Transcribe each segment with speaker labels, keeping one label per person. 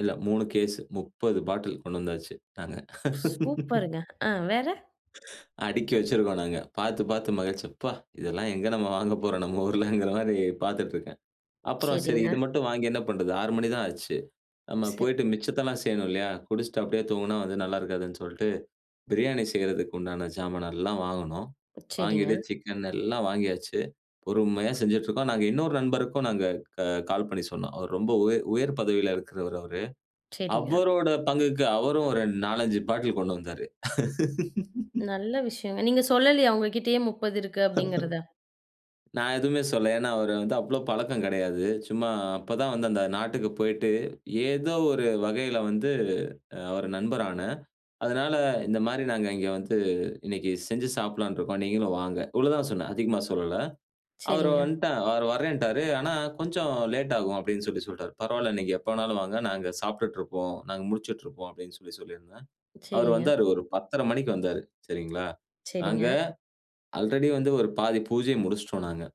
Speaker 1: இல்ல, 3 கேஸ் 30 பாட்டில் கொண்டு வந்தாச்சு நாங்க.
Speaker 2: சூப்பருங்க. ஆ வேற
Speaker 1: அடுக்கி வச்சிருக்கோம் நாங்க. பார்த்து பார்த்து மகிழ்ச்சி, அப்பா! இதெல்லாம் எங்க நம்ம வாங்க போறோம். நம்ம ஊருலங்கிற மாரி பார்த்துட்டு இருக்கேன். அப்புறம் சரி, இது
Speaker 2: சரிங்க.
Speaker 1: மட்டும் வாங்கி என்ன பண்ணுறது, 6 மணி தான் ஆச்சு. நம்ம
Speaker 2: ச
Speaker 1: போயிட்டு மிச்சத்தெல்லாம் செய்யணும் இல்லையா? குடிச்சிட்டு அப்டியே தூங்கினா வந்து நல்லா இருக்காதுன்னு சொல்லிட்டு, பிரியாணி செய்றதுக்கு உண்டான ஜாமான எல்லாம் வாங்குனோம். வாங்கிட்டு
Speaker 2: சரிங்க.
Speaker 1: சிக்கன் எல்லாம் வாங்கியாச்சு. பொறுமையா செஞ்சுட்டு இருக்கோம். நாங்க இன்னொரு நண்பருக்கும் நாங்க க கால் பண்ணி சொன்னோம். அவர் ரொம்ப உயர் உயர் பதவியில இருக்கிறவர் அவரு.
Speaker 2: சரிங்க.
Speaker 1: அவரோட பங்குக்கு அவரும் ஒரு 4, 5 பாட்டில் கொண்டு வந்தாரு.
Speaker 2: நல்ல விஷயங்க நீங்க சொல்லலையா அவங்க கிட்டயே 30 இருக்கு அப்டிங்கிறத?
Speaker 1: நான் எதுவுமே சொல்லல. ஏன்னா, அவரு வந்து அவ்வளோ பழக்கம் கிடையாது. சும்மா அப்பதான் வந்து அந்த நாட்டுக்கு போயிட்டு ஏதோ ஒரு வகையில வந்து அவர் நண்பர் ஆன. அதனால இந்த மாரி நாங்க இங்க வந்து இன்னைக்கு செஞ்சு சாப்பிடலாம்னு இருக்கோம். நீங்களும் வாங்க. இவ்வளோதான் சொன்னேன். அதிகமா சொல்லல. அவர்
Speaker 2: சரிங்க.
Speaker 1: வன்ட்டா, அவரு வறேன்டாரு. ஆனா கொஞ்சம் லேட் ஆகும் அப்டின்னு சொல்லி சொல்ட்டார். பரவாயில்ல நீங்க எப்ப வேண்ணாலும் வாங்க நாங்க சாப்பிட்டுட்டு இருக்கோம். நாங்க முழிச்சிட்டுருக்கோம் அப்டின்னு சொல்லி சொல்லியிருந்தேன். அவர்
Speaker 2: சரிங்க.
Speaker 1: வந்தாரு ஒரு 10.30 மணிக்கு வந்தாரு. சரிங்களா? நாங்க,
Speaker 2: சரிங்க.
Speaker 1: ஆல்ரெடி வந்து ஒரு பாதி பூஜைய முடிச்சிட்டோம் நாங்க.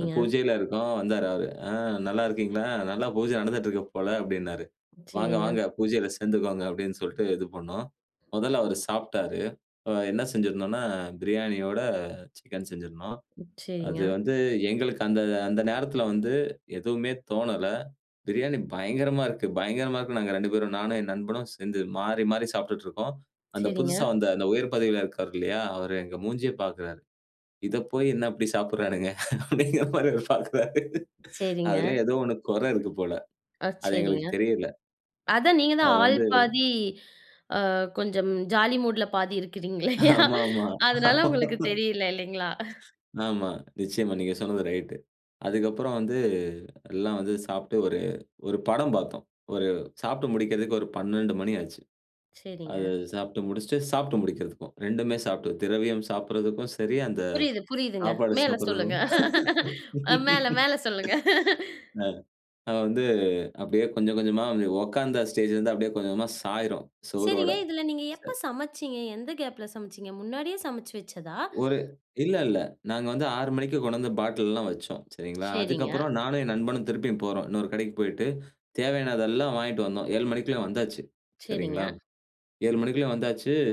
Speaker 1: அ பூஜையில இருக்கோம். வந்தாரு அவரு. ஆ நல்லா இருக்கீங்களா? நல்லா பூஜை நடந்துட்டு இருக்கு போல அப்டின்னாரு. வாங்க,
Speaker 2: சரிங்க.
Speaker 1: வாங்க பூஜையில சேர்ந்துக்கோங்க அப்டின்னு சொல்ட்டு இது பண்னோம். முதல்ல அவர் சாப்ட்டாரு. அ என்ன செய்திருந்தோன்னா, பிரியாணியோட சிக்கன் செஞ்சிருந்தோம். அது
Speaker 2: சரிங்க.
Speaker 1: வந்து எங்களுக்கு அந்த அந்த நேரத்தில வந்து எதுவுமே தோணல. பிரியாணி பயங்கரமா இருக்கு பயங்கரமா இருக்கு. நாங்க 2 பேரும் நானும் என் நண்பனும் சேர்ந்து மாறி மாறி சாப்ட்டுட்டு இருக்கோம். அந்த புதுசா
Speaker 2: சரிங்க.
Speaker 1: வந்த அந்த உயர் பதவியில இருக்காரு இல்லையா, அவரு எங்க மூஞ்சியே பாக்குறாரு. இத போய் என்ன இப்ப சாப்பிடுறானுங்க அப்படிங்கிற மாதிரி பார்க்கிறாரு.
Speaker 2: சரிங்க.
Speaker 1: அதில ஏதோ ஒண்ணு குறை இருக்கு போல.
Speaker 2: ஆ,
Speaker 1: அது
Speaker 2: சரிங்க.
Speaker 1: எங்களுக்கு தெரியல.
Speaker 2: அதான் நீங்க தான்
Speaker 1: அது
Speaker 2: ஆள்
Speaker 1: வந்து
Speaker 2: பாதி அ கொஞ்சம் ஜாலி மூட்ல பாதி இருக்கிறீங்கலே,
Speaker 1: ஆமா, ஆமா.
Speaker 2: அதனால
Speaker 1: ஆமா.
Speaker 2: உங்களுக்கு தெரியல இல்லைங்களா?
Speaker 1: ஆமா. நிச்சியமா. நீங்க சொன்னது ரைட். அதுக்கப்புறம் வந்து எல்லாம் வந்து சாப்ட்டு ஒரு 1 படம் பார்த்தோம். ஒரு சாப்பிட்டு முடிக்கறதுக்கு ஒரு 12:00 மணி ஆச்சு.
Speaker 2: சரிங்க.
Speaker 1: அத சாப்பிட்டு முடிச்சுட்டு, சாப்பிட்டு முடிக்கிறதுக்கும், 2மே சாப்பிட்டு, திரவியம் சாப்பிடுறதுக்கும் சரி, அந்த
Speaker 2: புரியுது புரியுதுங்க.
Speaker 1: சாப்பாடு
Speaker 2: மேல சொல்லுங்க.
Speaker 1: சாப்பிடுறதுக்கும்
Speaker 2: அ மேல மேல சொல்லுங்க.
Speaker 1: அது வந்து அப்டியே கொஞ்சம் கொஞ்சமா உட்கார்ந்தா ஸ்டேஜ்ல இருந்து அப்டியே கொஞ்ச கொஞ்சமா சாயிரும் செவுறோட
Speaker 2: சரிங்க. இதில நீங்க
Speaker 1: ச
Speaker 2: எப்ப சமைச்சீங்க எந்த கேப்ல சமைச்சீங்க முன்னாடியே சமைச்சு வச்சதா?
Speaker 1: ஒரு இல்ல, இல்ல. நாங்க வந்து 6:00 மணிக்கு கொண்டந்து பாட்டில்லாம் வைச்சோம் சரிங்களா. அதுக்கு
Speaker 2: சரிங்க.
Speaker 1: அப்புறம் நானும் என் நண்பனும் திருப்பியும் போறோம். இன்னொரு கடைக்கு போயிட்டு தேவையானதெல்லாம் வாங்கிட்டு வந்தோம். 7:00 மணிக்குள்ள வந்தாச்சு. சரிங்களா?
Speaker 2: சரிங்க.
Speaker 1: 7:00 மணிக்குள்ளேயும் வந்தாச்சு.